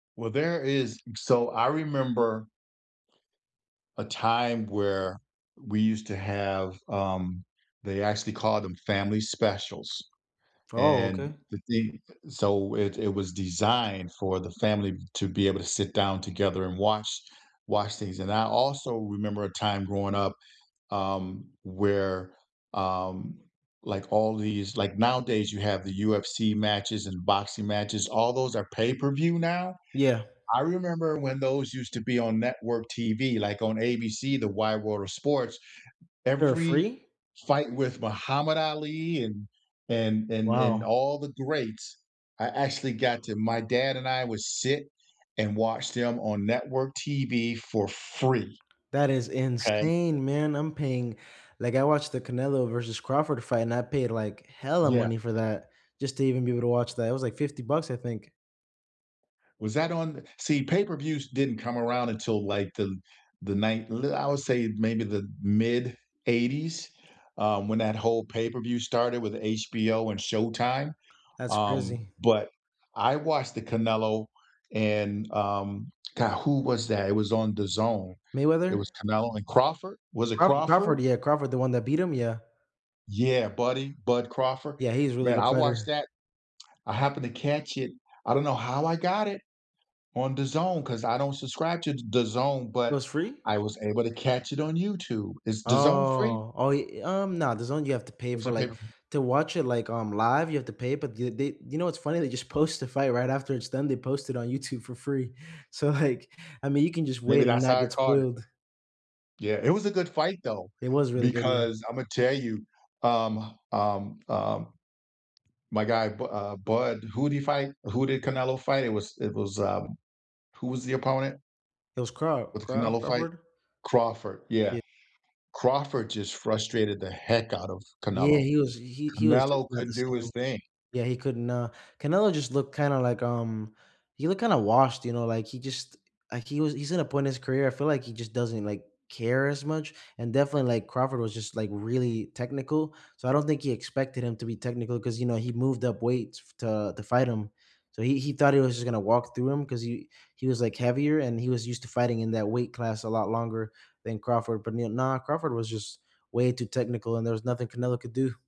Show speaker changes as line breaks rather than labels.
Well, there is so I remember a time where we used to have um, they actually called them family specials.
Oh,
And
okay.
the thing so it it was designed for the family to be able to sit down together and watch watch things, and I also remember a time growing up, um, where, um, like, all these like, nowadays, you have the UFC matches and boxing matches, all those are pay-per-view now?
Yeah.
I remember when those used to be on network TV, like, on ABC, the Wide World of Sports,
For
every
free?
fight with Muhammad Ali and and and and
Wow.
all the greats I actually got to my dad and I would sit and watch them on network TV for free.
That is
'Kay?
insane, man, I'm paying like, I watched the Canelo versus Crawford fight and I paid, like, hella
Yeah.
money for that just to even be able to watch that, it was like $50 bucks, I think.
Was that on see, pay-per-views didn't come around until, like, the the ninet li I would say maybe the mid '80s? Um, when that whole pay-per-view started with HBO and Showtime.
That's
Um,
crazy.
but I watched the Canelo and, um, god, who was that? It was on DAZN. It
Mayweather?
was Canelo and Crawford? Was it
Crawford Crawford,
Crawford?
yeah, Crawford, the one that beat him? Yeah.
Yeah, Buddy Bud Crawford.
Yeah, he's a really
Man,
good
I watched
fighter.
that I happened to catch it, I don't know how I got it on DAZN 'cause I don't subscribe to DAZN,
It
but
was free?
I was able to catch it on YouTube. Is DAZN free?
Oh, oh, ye um, nah, DAZN you have to pay
Or is
for
it
like,
pay-per-view?
to watch it, like, um, live, you have to pay, but you they you know what's funny? They just post the fight right after it's done, they post it on YouTube for free. So, like, I mean, you can just wait
Maybe
and
that's
not
how I
get
caught it.
spoiled.
Yeah, it was a good fight, though,
It was really good, yeah.
because Imma tell you, um, um, um, my guy Bu uh, Bud, who did he fight? Who did Canelo fight? It was it was, um who was the opponent?
It was Craw
With the
Craw
Canelo fight?
Crawford?
Crawford. Yeah.
Yep.
Crawford just frustrated the heck out of
Yeah,
Canelo.
he was he he was just
Canelo
not the
couldn't do
same.
his thing.
Yeah, he couldn't, uh Canelo just looked kinda like, um he looked kinda washed, you know, like, he just like, he was he's in a point in his career, I feel like he just doesn't, like, care as much? And definitely, like, Crawford was just, like, really technical, so I don't think he expected him to be technical 'cause, you know, he moved up weights f to to fight him. So, he he thought he was just gonna walk through him 'cause he he was, like, heavier, and he was used to fighting in that weight class a lot longer than Crawford, but, you know, nah, Crawford was just way too technical, and there was nothing Canelo could do.